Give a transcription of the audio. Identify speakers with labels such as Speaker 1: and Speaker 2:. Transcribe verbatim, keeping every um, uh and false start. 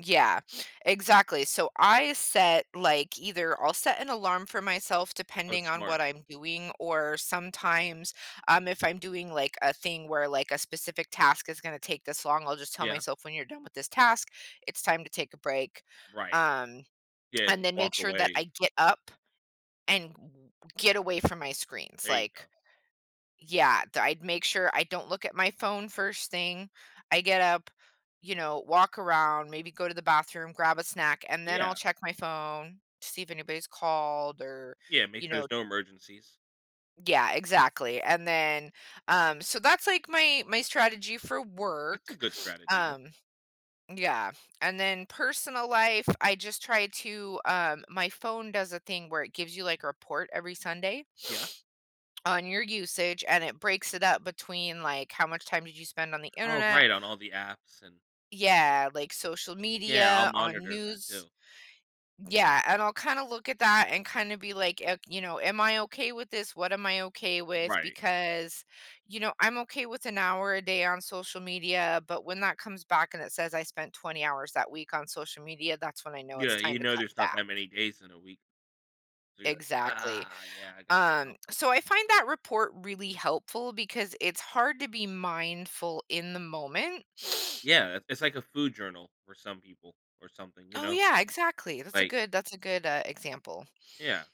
Speaker 1: Yeah, exactly, so, I set like, either I'll set an alarm for myself
Speaker 2: Oh
Speaker 1: depending on
Speaker 2: smart.
Speaker 1: what I'm doing, or sometimes, um, if I'm doing, like, a thing where, like, a specific task is gonna take this long, I'll just tell
Speaker 2: Yeah.
Speaker 1: myself, "When you're done with this task, it's time to take a break,"
Speaker 2: Right.
Speaker 1: um,
Speaker 2: Yeah,
Speaker 1: and
Speaker 2: just
Speaker 1: then make
Speaker 2: walk
Speaker 1: sure that
Speaker 2: away
Speaker 1: I
Speaker 2: and
Speaker 1: get up and g get away from my screens,
Speaker 2: There you go.
Speaker 1: like yeah, d I'd make sure I don't look at my phone first thing, I get up, you know, walk around, maybe go to the bathroom, grab a snack, and then I'll
Speaker 2: Yeah.
Speaker 1: check my phone to see if anybody's called or,
Speaker 2: Yeah, make
Speaker 1: you
Speaker 2: sure
Speaker 1: know
Speaker 2: there's no emergencies.
Speaker 1: Yeah, exactly, and then, um so, that's, like, my my strategy for
Speaker 2: That's a
Speaker 1: work,
Speaker 2: good strategy, yeah.
Speaker 1: um yeah, and then personal life, I just try to, um my phone does a thing where it gives you, like, a report every Sunday
Speaker 2: Yeah.
Speaker 1: on your usage and it breaks it up between, like, how much time did you spend on the
Speaker 2: Oh,
Speaker 1: internet
Speaker 2: right, on all the apps and
Speaker 1: Yeah, like, social
Speaker 2: Yeah, I'll
Speaker 1: media, on
Speaker 2: monitor that
Speaker 1: news
Speaker 2: too.
Speaker 1: Yeah, and I'll kinda look at that and kinda be, like, i you know, "Am I okay with this? What am I okay with?"
Speaker 2: Right.
Speaker 1: Because, you know, I'm okay with an hour a day on social media, but when that comes back and it says I spent twenty hours that week on social media, that's when I know it's
Speaker 2: Yeah,
Speaker 1: time
Speaker 2: you
Speaker 1: to
Speaker 2: know,
Speaker 1: cut
Speaker 2: there's not
Speaker 1: back.
Speaker 2: that many days in a week, so, you're like,
Speaker 1: Exactly,
Speaker 2: "Ah, yeah, I got" you know?
Speaker 1: um, so I find that report really helpful because it's hard to be mindful in the moment
Speaker 2: Yeah, it it's, like, a food journal for some people or something, you
Speaker 1: Oh
Speaker 2: know?
Speaker 1: yeah, exactly, that's a
Speaker 2: Like
Speaker 1: good that's a good, uh, example.
Speaker 2: Yeah.